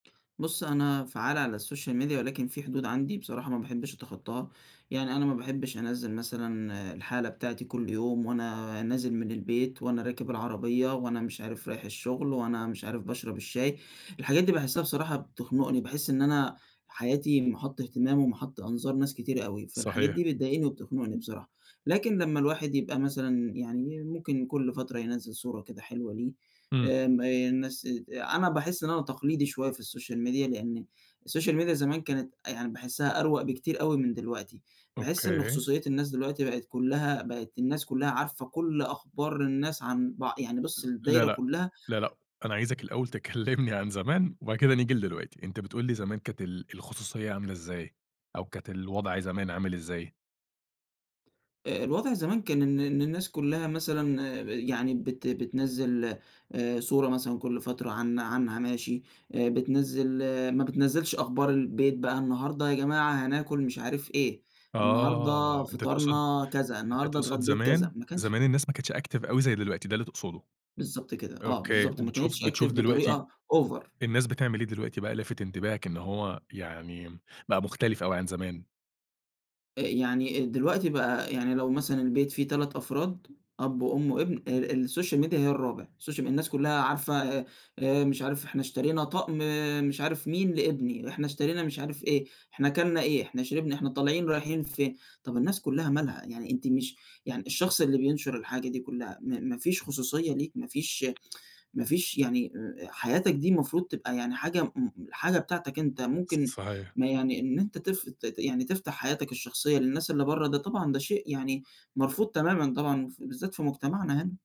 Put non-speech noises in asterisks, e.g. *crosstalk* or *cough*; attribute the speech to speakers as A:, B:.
A: بُصّ، أنا فعّال على الSocial Media ولكن في حدود عندي بصراحة ما باحبش أتخطّاها، يعني أنا ما باحبش أنّزل مثلًا الحالة بتاعتي كُلّ يوم، وأنا نازل من البيت، وأنا راكب العربية، وأنا مش عارف رايح الشغل، وأنا مش عارف باشرب الشاي، الحاجات دي باحسّها بصراحة بتخنقني، باحس إن أنا حياتي مَحَطّ اهتمام ومَحَطّ أنظار ناس كتير أوي، فالحاجات
B: صحيح.
A: دي بتضايقني وبتخنقني بصراحة، لكن لمّا الواحد يبقى مثلًا يعني ممكن كل فترة ينزّل صورة كده حلوة ليه،
B: إمم.
A: آمم، آآ، الناس ات أنا باحس إن أنا تقليدي شوية في الSocial Media لإن الSocial Media زمان كانت أ يعني باحسها أروَق بكتير أوي من دلوقتي، باحس إن
B: أوكي.
A: خصوصيات الناس دلوقتي بقِت كلّها بقِت الناس كلّها عارفة كُلّ أخبار الناس عن بع يعني بُصّ
B: لا
A: الدايرة
B: لأ،
A: كلّها
B: لا، لأ، أنا عايزك الأول تكلّمني عن زمان، وبعد كده نيجي لدلوقتي، أنت بتقول لي زمان كانت ال الخصوصية عاملة إزاي؟ أو كانت الوضع زمان عامل إزاي؟
A: آآ، الوضع زمان كان إن إن إن الناس كلّها مثلًا آآ، يعني بت بتنزّل آآ، صورة مثلًا كل فترة عن عنها ماشي بتنزّل ما بتنزّلش أخبار البيت بقى، النهارده يا جماعة هناكل مش عارف إيه، النهارده
B: آه أنت تقصد
A: فِطارنا كذا،
B: أنت
A: النهارده
B: تقصد
A: اتغديت كذا،
B: زمان،
A: ما كانش
B: زمان الناس ما كانتش active أوي زي دلوقتي، ده اللي تقصده؟
A: بالضبط كده، آه،
B: أوكي،
A: بالضبط ما
B: وبتشوف
A: كانتش active
B: بتشوف دلوقتي
A: بطريقة Over.
B: الناس بتعمل إيه دلوقتي بقى لافِت انتباهك إن هو يعني م بقى مختلف أوي عن زمان؟
A: أ يعني أ دلوقتي بقى يعني لو مثلًا البيت فيه 3 أفراد أب وأم وابن، ال الSocial Media هي الرابع الSocial مي الناس كلّها عارفة أ أ مش عارف إحنا اشترينا طقم مش عارف مين لابني، ده إحنا اشترينا مش عارف إيه، إحنا كَلْنا إيه، إحنا شربنا، إحنا طالعين رايحين فين، طَب الناس كلّها مالها؟ يعني أنتِ مش يعني الشخص اللي بينشر الحاجة دي كلّها، ما ما فيش خصوصية ليك ما فيش *tsk* ما فيش يعني أ أ حياتك دي المفروض تبقى يعني حاجة م م حاجة بتاعتك أنت
B: ص
A: ممكن
B: صحيح.
A: ما يعني إن أنت تف يعني تفتح حياتك الشخصية للناس اللي برّه ده طبعًا ده شيء يعني مرفوض تمامًا طبعًا، ف بالذات في مجتمعنا هنا.